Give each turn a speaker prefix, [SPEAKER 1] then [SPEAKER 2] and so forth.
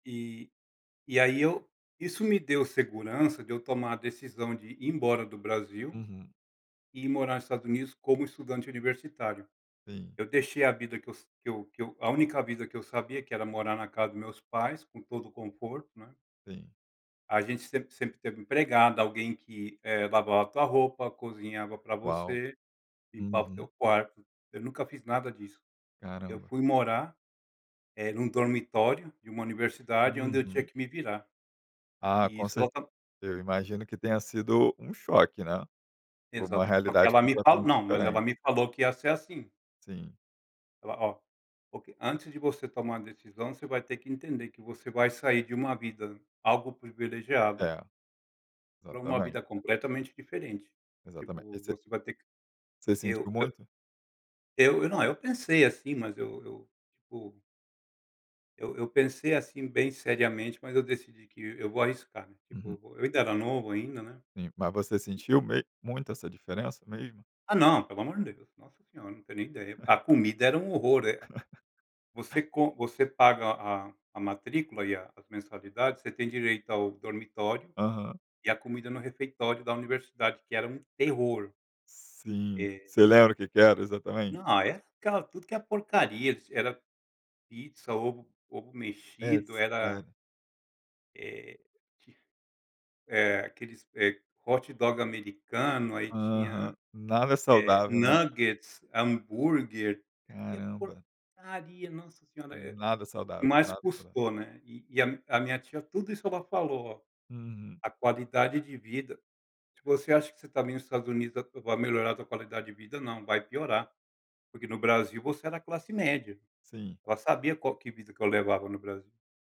[SPEAKER 1] E e aí, eu isso me deu segurança de eu tomar a decisão, de ir embora do Brasil
[SPEAKER 2] Uhum.
[SPEAKER 1] e ir morar no Estados Unidos, como estudante universitário.
[SPEAKER 2] Sim.
[SPEAKER 1] Eu deixei a vida que eu que eu que eu a única vida que eu sabia, que era morar na casa dos meus pais com todo o conforto, né
[SPEAKER 2] Sim.
[SPEAKER 1] a gente sempre sempre teve empregada, alguém que lavava a tua roupa, cozinhava pra
[SPEAKER 2] Uau!
[SPEAKER 1] você, limpava o
[SPEAKER 2] Uhum.
[SPEAKER 1] teu quarto. Eu nunca fiz nada disso. Eu
[SPEAKER 2] Caramba.
[SPEAKER 1] fui morar, eh, num dormitório de uma universidade, onde eu tinha
[SPEAKER 2] Uhum.
[SPEAKER 1] que me virar.
[SPEAKER 2] Ah,
[SPEAKER 1] E
[SPEAKER 2] com
[SPEAKER 1] isso ela
[SPEAKER 2] cer
[SPEAKER 1] está
[SPEAKER 2] eu imagino que tenha sido um choque, né. Uma
[SPEAKER 1] Exato. Só que
[SPEAKER 2] realidade
[SPEAKER 1] ela me
[SPEAKER 2] completamente
[SPEAKER 1] não, mas ela
[SPEAKER 2] diferente.
[SPEAKER 1] me falou que ia ser, assim.
[SPEAKER 2] Sim.
[SPEAKER 1] Ela, "Ó, porque antes de você tomar a decisão, você vai ter que entender, que você vai sair de uma vida algo privilegiada"
[SPEAKER 2] É,
[SPEAKER 1] "pra uma
[SPEAKER 2] exatamente.
[SPEAKER 1] vida completamente diferente",
[SPEAKER 2] Exatamente,
[SPEAKER 1] tipo
[SPEAKER 2] você
[SPEAKER 1] você vai ter que
[SPEAKER 2] você sentiu
[SPEAKER 1] eu eu
[SPEAKER 2] muito?
[SPEAKER 1] eu eu não, eu pensei, assim, mas eu eu tipo. Eu eu pensei, assim, bem seriamente, mas eu decidi que eu vou arriscar, né,
[SPEAKER 2] Uhum.
[SPEAKER 1] tipo, eu ainda era novo ainda, né.
[SPEAKER 2] Sim, mas você sentiu mes muito essa diferença mesmo?
[SPEAKER 1] Ah não, pelo amor de Deus, nossa senhora, não tenho nem ideia, a comida era um horror. Você co você paga a a matrícula e a as mensalidades, você tem direito ao dormitório
[SPEAKER 2] Aham.
[SPEAKER 1] e a comida, no refeitório da universidade que era muito terror.
[SPEAKER 2] Sim,
[SPEAKER 1] Eh.
[SPEAKER 2] você lembra o que que era, exatamente?
[SPEAKER 1] Não, era tudo que é porcaria, era pizza, ovo, ovo
[SPEAKER 2] É
[SPEAKER 1] mexido, era
[SPEAKER 2] sério?
[SPEAKER 1] Eh. É aqueles, eh, hot dog americano, aí tinha
[SPEAKER 2] Aham, nada é saudável, né.
[SPEAKER 1] nuggets, hambúrguer, qualquer
[SPEAKER 2] Caramba.
[SPEAKER 1] porcaria, nossa senhora,
[SPEAKER 2] Nada saudável,
[SPEAKER 1] mais
[SPEAKER 2] nada saudável.
[SPEAKER 1] custou, né. E e a a minha tia, tudo isso ela falou,
[SPEAKER 2] Uhum.
[SPEAKER 1] a qualidade de vida, "Se você acha que você está me nos Estados Unidos vai melhorar a tua qualidade de vida? Não, vai piorar". Porque no Brasil você era classe média,
[SPEAKER 2] Sim.
[SPEAKER 1] ela sabia qual que vida que eu levava no Brasil.